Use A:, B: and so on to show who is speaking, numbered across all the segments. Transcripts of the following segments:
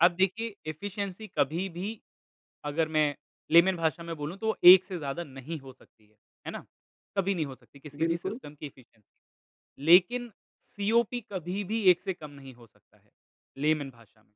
A: अब देखिए एफिशिएंसी कभी भी अगर मैं लेमन भाषा में बोलूँ तो वो एक से ज़्यादा नहीं हो सकती है। है ना? कभी नहीं हो सकती किसी भी
B: बिल्कुल।
A: सिस्टम की एफिशिएंसी लेकिन सीओपी कभी भी एक से कम नहीं हो सकता है, लेमन भाषा में,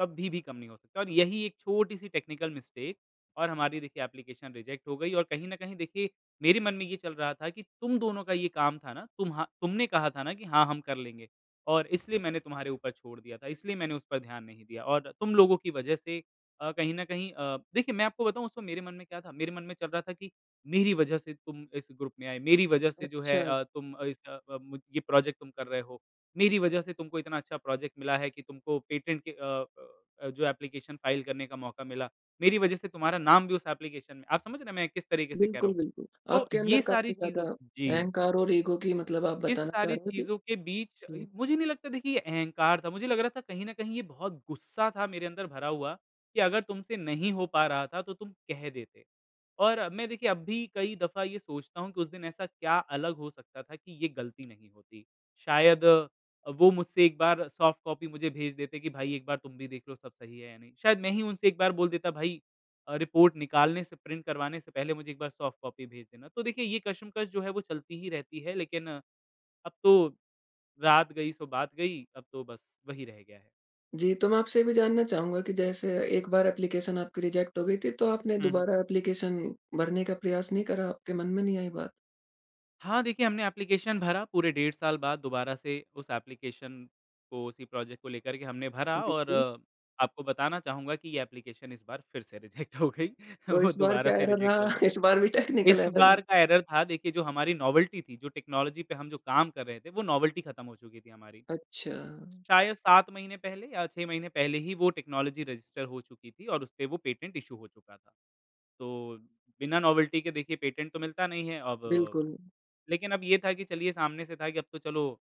A: कभी भी कम नहीं हो सकता है और यही एक छोटी-सी टेक्निकल मिस्टेक और हमारी देखिए एप्लीकेशन रिजेक्ट हो गई और कहीं न कहीं देखिए मेरे मन में ये चल रहा था कि तुम दोनों का ये काम था ना तुमहा तुमने कहा था ना कि हाँ, हम कर लेंगे और इसलिए मैंने तुम्हारे ऊपर छोड़ दिया था, इसलिए मैंने उस पर ध्यान नहीं दिया और तुम लोगों की वजह से अ, कहीं न कहीं अ, देखिए, मैं आपको बताऊँ उस वक़्त मेरे मन में क्या था कि? मेरे मन में चल रहा था कि मेरी वजह से तुम इस ग्रुप में आए। मेरी वजह से जो है
B: अच्छा।
A: अ, तुम इस अ अ, मुझ ये प्रोजेक्ट तुम कर रहे हो। मेरी वजह से तुमको इतना अच्छा प्रोजेक्ट मिला है कि तुमको पेटेंट के अ अ, ब अ, जो एप्लीकेशन फाइल करने का मौका मिला, मेरी वजह से तुम्हारा नाम भी उस एप्लीकेशन फाइल में आप समझ रहे हैं मैं किस तरीके से कह रहा
B: बिल्कुल,
A: हूँ।
B: बिल्कुल,
A: तो
B: आपके अंदर
A: ये सारी
B: काफ़ी ज़्यादा
A: चीज़ों जी।
B: अहंकार और इगो की मतलब आप
A: इस
B: बताना चाह
A: सारी
B: रहे हो जी?
A: चीज़ों के बीच,
B: हुँ।
A: मुझे नहीं लगता देखिए ये अहंकार था। मुझे लग रहा था कहीं न कहीं ये बहुत गुस्सा था मेरे अंदर भरा हुआ कि अगर तुमसे नहीं हो पा रहा था, तो तुम कह देते और मैं देखिए अब भी कई दफ़ा ये सोचता हूँ कि उस दिन ऐसा क्या अलग हो सकता था कि ये गलती नहीं होती? शायद वो मुझसे एक बार सॉफ्ट कॉपी मुझे भेज देते कि भाई एक बार तुम भी देख लो सब सही है या नहीं। शायद मैं ही उनसे एक बार बोल देता भाई अ, रिपोर्ट निकालने से प्रिंट करवाने से पहले मुझे एक बार सॉफ्ट कॉपी भेज देना। तो देखिए ये कश्मकश जो है वो चलती ही रहती है, लेकिन अब तो रात गयी, सो बात गयी अब तो बस वही रह गया है।
B: जी, तो मैं आपसे ये भी जानना चाहूँगा कि जैसे एक बार एप्लीकेशन आपकी रिजेक्ट हो गई थी, तो आपने
A: हुँ, हुँ।
B: दोबारा एप्लीकेशन भरने का प्रयास नहीं करा, आपके मन में नहीं आई बात?
A: हाँ देखिए, हमने एप्लीकेशन भरा पूरे डेढ़ साल बाद दोबारा से उस एप्लीकेशन को उसी प्रोजेक्ट को लेकर के हमने भरा और
B: बिल्कुल।
A: आपको बताना चाहूँगा कि ये एप्लीकेशन इस बार फिर से रिजेक्ट हो गई,
B: तो
A: वो
B: इस बार
A: दोबारा
B: क्या
A: से
B: एर्रर
A: रिजेक्ट हो
B: रहा?
A: गई।
B: इस बार भी टेक्निकल
A: इस
B: एर्रर रहा?
A: बार का एर्रर था देखिए जो हमारी नॉवेल्टी थी, जो टेक्नोलॉजी पे हम जो काम कर रहे थे, वो नॉवेल्टी ख़त्म हो चुकी थी हमारी।
B: अच्छा।
A: शायद 7 महीने पहले या 6 महीने पहले ही वो टेक्नोलॉजी रजिस्टर हो चुकी थी और उसपे वो पेटेंट इश्यू हो चुका था। तो बिना नॉवेल्टी के देखिए पेटेंट तो मिलता नहीं है अब
B: बिल्कुल।
A: लेकिन अब ये था कि चलिए सामने से था कि अब तो चलो